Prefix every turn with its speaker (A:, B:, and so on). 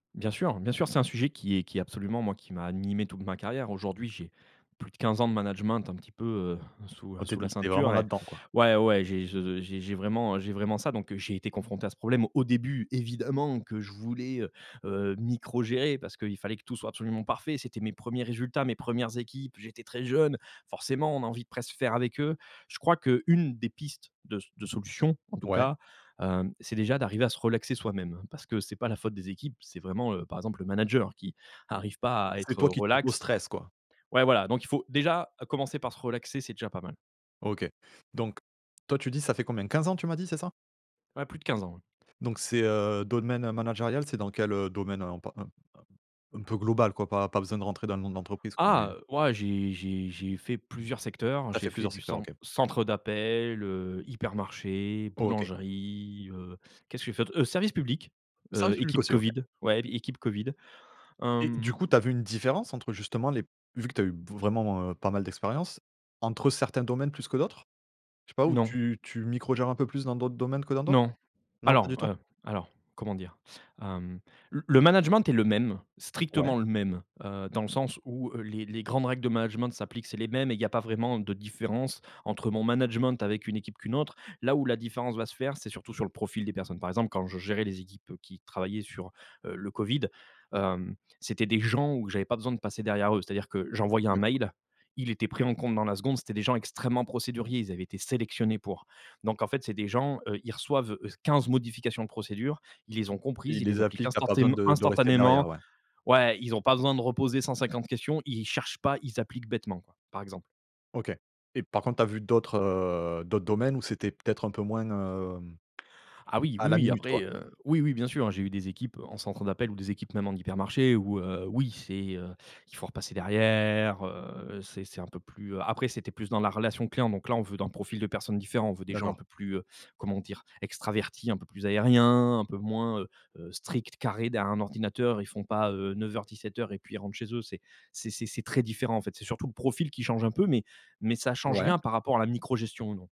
A: Bien sûr, bien sûr. C'est un sujet qui est qui est absolument moi, qui m'a animé toute ma carrière. Aujourd'hui, j'ai plus de 15 ans de management un petit peu, heu, sous, heu,
B: Oh! Tu es
A: sous
B: de
A: la
B: l tu es vraiment
A: ceinture et
B: là-dedans, quoi?
A: ouais, ouais, j'ai je j'ai j'ai vraiment, heu, j'ai vraiment ça, donc j'ai été confronté à ce problème. Au début, évidemment, que je voulais, heu heu, microgérer, parce qu'il fallait que tout soit absolument parfait. C'était mes 1ers résultats, mes 1res équipes, j'étais très jeune. Forcément, on a envie de presque faire avec eux. Je crois qu'une des pistes de de solution, en tout
B: Ouais.
A: cas, hem, c'est déjà d'arriver à se relaxer soi-même. Parce que c'est pas la faute des équipes, c'est vraiment, heu par exemple, le manager qui arrive pas à
B: C'est
A: être
B: toi qui t'auto
A: relax
B: stresses, quoi?
A: ouais, voilà, donc il faut déjà commencer par se relaxer, c'est déjà pas mal.
B: OK, donc, toi, tu dis, ça fait combien? 15 ans tu m'as dit, c'est ça?
A: Ouais, plus de 15 ans, oui.
B: Donc c'est, heu, domaine, heu, managérial? C'est dans quel, heu, domaine, heu, en par un un m un peu global, quoi, pas pas besoin de rentrer dans le nom de l'entreprise, quoi, mais
A: Ah, heu, ouais, j'ai j'ai j'ai fait plusieurs secteurs.
B: Tu as
A: J'ai
B: fait
A: fait
B: plusieurs
A: du
B: secteurs,
A: cen
B: OK.
A: centre d'appel, heu, hypermarché,
B: OK.
A: boulangerie, heu, qu'est ce que j'ai fait d'autre? Heu, service public, heu,
B: Service public
A: équipe
B: aussi, OK.
A: Covid, ouais, équipe Covid,
B: Et du
A: hem
B: coup, tu as vu une différence entre, justement, les vu que tu as eu vraiment, heu, pas mal d'expériences, entre certains domaines plus que d'autres? Je sais pas où
A: Non.
B: tu tu micro gères un peu plus dans d'autres domaines que dans d'autres?
A: Non,
B: Non, pas
A: alors,
B: du tout?
A: heu, alors, comment dire? Hem, le le management est le même,
B: Ouais.
A: strictement le même, heu, dans le sens où, heu, les les grandes règles de management s'appliquent, c'est les mêmes et il y a pas vraiment de différence entre mon management avec une équipe qu'une autre. Là où la différence va se faire, c'est surtout sur le profil des personnes. Par exemple, quand je gérais les équipes, heu, qui travaillaient sur, heu, le Covid, hem, c'était des gens où j'avais pas besoin de passer derrière eux. C'est-à-dire que j'envoyais un
B: D'accord.
A: mail, il était pris en compte dans la seconde. C'était des gens extrêmement procéduriers, ils avaient été sélectionnés pour. Donc, en fait, c'est des gens, heu, ils reçoivent, heu, 15 modifications de procédure, ils les ont
B: Et
A: comprises,
B: ils
A: ils les
B: les
A: appliquent
B: appliquent, tu as pas besoin
A: instantéme
B: de de rester derrière,
A: instantanément
B: ouais?
A: ouais, ils ont pas besoin de reposer 150 questions, ils cherchent pas, ils appliquent bêtement, quoi, par exemple.
B: OK et par contre, tu as vu d'autres, heu, d'autres domaines, où c'était peut-être un peu moins, hem,
A: Ah oui.
B: à
A: Oui,
B: la
A: oui,
B: minute,
A: après,
B: quoi?
A: heu, oui, oui, bien sûr, hein, j'ai eu des équipes en centre d'appel ou des équipes même en hypermarché où heu, oui, c'est, heu, il faut repasser derrière, heu, c'est c'est un peu plus, heu, après c'était plus dans la relation client, donc là, on veut dans le profil de personnes différents, on veut des gens un
B: D'accord.
A: peu plus, heu, comment dire, extravertis, un peu plus aériens, un peu moins, heu heu, stricts, carrés derrière un ordinateur. Ils font pas, heu, 09:00-17:00 et puis ils rentrent chez eux. C'est c'est c'est c'est très différent, en fait, c'est surtout le profil qui change un peu mais mais ça change
B: Ouais.
A: rien par rapport à la micro gestion, non.